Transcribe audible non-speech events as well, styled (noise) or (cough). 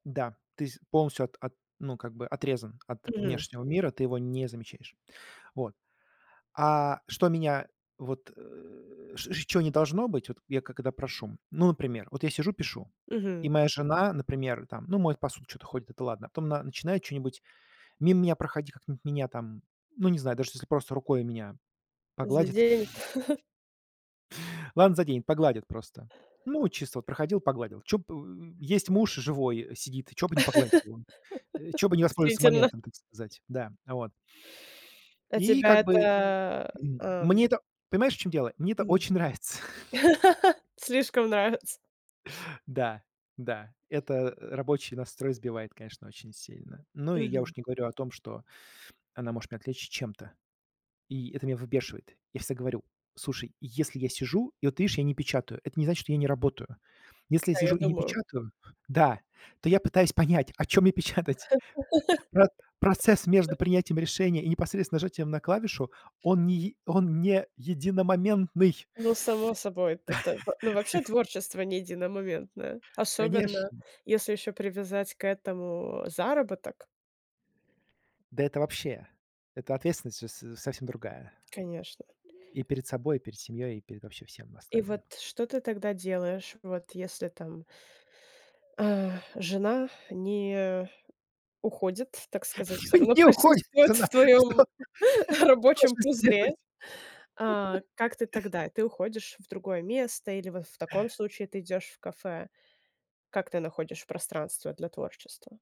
Да, ты с полностью от от ну как-бы отрезан от Мгм. внешнего мира, ты его не замечаешь. Вот. А что меня вот, э, с ч чё не должно быть, вот я когда прошу Ну например, вот я сижу, пишу, и Мгм. моя жена, например, там, ну, моет посуду, чё-то ходит, это ладно, а потом она начинает чё-нибудь мимо меня проходить, как-нибудь меня там, ну, не знаю, даже если просто рукой меня погладит Заденет. (laughs) ладно, заденет, погладит просто. Ну, от чисто вот проходил, погладил. Чё б, э, есть муж живой, сидит, чё бы не погладить (laughs) его, э? Чё бы не воспользоваться Действительно. моментом, так сказать? Да, вот. А И тебя как бы, это, м, э, эм мне это понимаешь, в чем дело? Мне это М. очень нравится. (chuckles) (laughs) Слишком нравится. Да, да, это, э, рабочий настрой сбивает, конечно, очень сильно. Ну и я Мгм. уж не говорю о том, что она может меня отвлечь чем-то, и это меня выбешивает. Я всегда говорю: слушай, если я сижу, и вот ты видишь, я не печатаю, это не значит, что я не работаю. Если я Да, я сижу и не думаю. печатаю, да, то я пытаюсь понять, о чём мне печатать. Про процесс между (laughs) принятием решения и непосредственно нажатием на клавишу, он не е он не единомоментный. Ну, само собой. Т т в Ну, вообще, (laughs) творчество не единомоментное, особенно Конечно! если ещё привязать к этому, заработок. Да это вообще, эта ответственность же с совсем другая. Конечно. И перед собой, и перед семьёй, и перед вообще всем И остальным. вот что ты тогда делаешь, вот если там э, жена не уходит, так сказать, Ну всё равно не уходит присутствует она в что твоём что ж рабочем вы пузыре. сделаете? А как ты (laughs) тогда? Ты уходишь в другое место или вот в таком случае ты идёшь в кафе? Как ты находишь пространство для творчества?